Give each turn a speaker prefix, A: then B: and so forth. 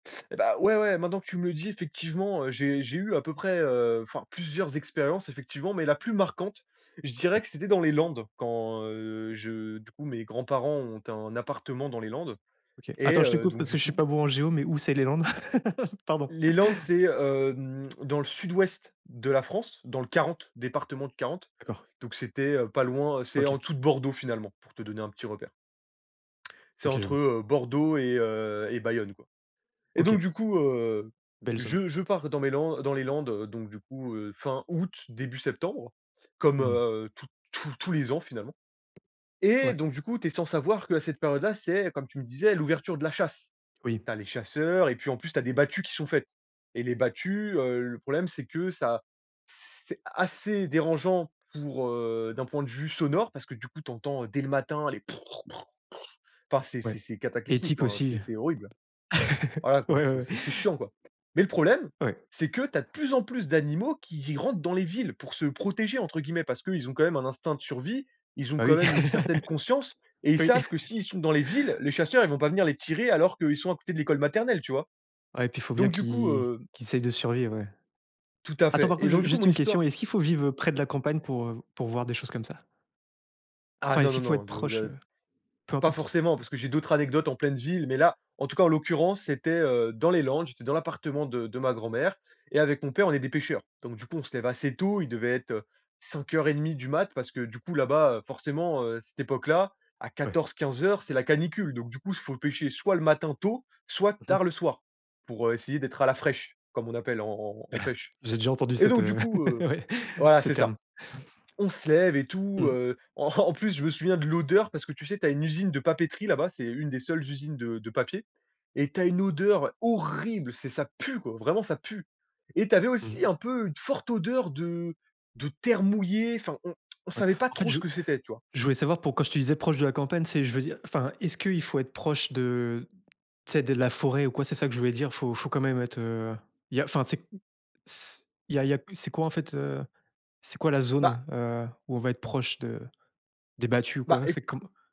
A: Et bah, ouais, ouais maintenant que tu me le dis, effectivement, heu, j'ai j'ai eu à peu près, heu enfin, plusieurs expériences effectivement, mais la plus marquante, je dirais
B: Ouais.
A: que c'était dans les Landes. Quand, heu, je du coup mes grands-parents ont un appartement dans les Landes
B: OK.
A: et
B: Attends, je te
A: heu,
B: coupe
A: donc
B: parce
A: du
B: que je suis pas
A: coup
B: bon en géo, mais où c'est les Landes? Pardon.
A: Les Landes c'est hem, dans le sud-ouest de la France, dans le 40, département du 40.
B: D'accord.
A: Donc c'était, heu, pas loin, heu c'est en
B: OK.
A: dessous de Bordeaux, finalement, pour te donner un petit repère. C'est
B: OK, je
A: entre,
B: vois.
A: heu, Bordeaux et heu, et Bayonne, quoi. Et donc
B: OK.
A: du coup, heu,
B: Belle zone.
A: je je pars dans mes Lan dans les Landes donc du coup, heu, fin août, début septembre, comme,
B: Mmh.
A: heu, toutes tous tous les ans, finalement, et
B: Ouais.
A: donc du coup tu es sans savoir qu'à cette période là c'est, comme tu me disais, l'ouverture de la chasse.
B: Oui.
A: Tu as les chasseurs et puis en plus tu as des battues qui sont faites. Et les battues, heu, le problème c'est que ça c c c'est assez dérangeant pour, heu d'un point de vue sonore parce que du coup tu entends, heu, dès le matin les. Enfin, c'est
B: Ouais.
A: c'est c'est cataclysmique,
B: Ethique
A: enfin c'est
B: aussi.
A: c'est horrible! Voilà quoi,
B: Ouais, ouais
A: c'est
B: ouais.
A: c'est c'est chiant, quoi! Mais le problème
B: Ouais.
A: c'est que tu as de plus en plus d'animaux qui ils rentrent dans les villes pour se «protéger» entre guillemets. Parce qu'ils ont quand même un instinct de survie, ils ont
B: Bah
A: quand
B: oui!
A: même une certaine conscience et ils
B: Oui.
A: savent que s'ils sont dans les villes, les chasseurs ils vont pas venir les tirer alors qu'ils sont à côté de l'école maternelle, tu vois?
B: Ouais, puis faut bien
A: Donc du coup,
B: qu'ils
A: heu
B: qu'ils essayent de survivre, ouais.
A: Tout à
B: Attends
A: fait.
B: par
A: Et
B: contre
A: donc
B: ju
A: du coup
B: juste
A: mon
B: une question,
A: histoire
B: est-ce qu'il faut vivre, heu, près de la campagne pour, heu, v pour voir des choses comme ça?
A: Ah
B: Enfin
A: non,
B: est-ce
A: non,
B: qu'il faut
A: non,
B: être
A: de
B: proche,
A: de
B: heu? Peu
A: pas
B: importe?
A: forcément, parce que j'ai d'autres anecdotes en pleine ville. Mais là en tout cas en l'occurrence c'était, heu, dans les Landes, j'étais dans l'appartement de de ma grand-mère et avec mon père on est des pêcheurs. Donc du coup on se lève assez tôt, il devait être, heu, 5:30 du mat parce que du coup là-bas, heu, forcément, heu, cette époque là à
B: Ouais.
A: 14-15:00 c'est la canicule. Donc du coup il faut pêcher soit le matin tôt, soit
B: Mmh mh.
A: tard le soir. Pour, heu, essayer d'être à la fraîche, comme on appelle en en en en pêche.
B: J'ai déjà entendu
A: Et
B: cette,
A: donc du
B: heu
A: coup, heu
B: ouais,
A: voilà
B: ce
A: c'est ça.
B: terme.
A: On se lève et tout
B: Mmh.
A: heu. En en plus je me souviens de l'odeur, parce que tu sais, tu as une usine de papeterie là-bas- c'est une des seules usines de de papier- et tu as une odeur horrible c'est ça pue quoi! Vraiment ça pue! Et tu avais aussi
B: Mmh.
A: un peu une forte odeur de de terre mouillée, enfin on on
B: Ouais.
A: savait pas
B: En fait,
A: trop ce
B: je
A: que c'était, tu vois?
B: je voulais savoir pour quand je te disais proche de la campagne, c'est je veux dire enfin, est-ce qu'il faut être proche de tu sais de la forêt ou quoi? C'est ça que je voulais dire. Faut faut quand même être, heu il y a enfin, c'est s Il y a il y a plus c'est quoi en fait, heu. C'est quoi la
A: Bah
B: zone, heu, où on va être proche de des battues,
A: Bah,
B: quoi? C'est
A: éc
B: comme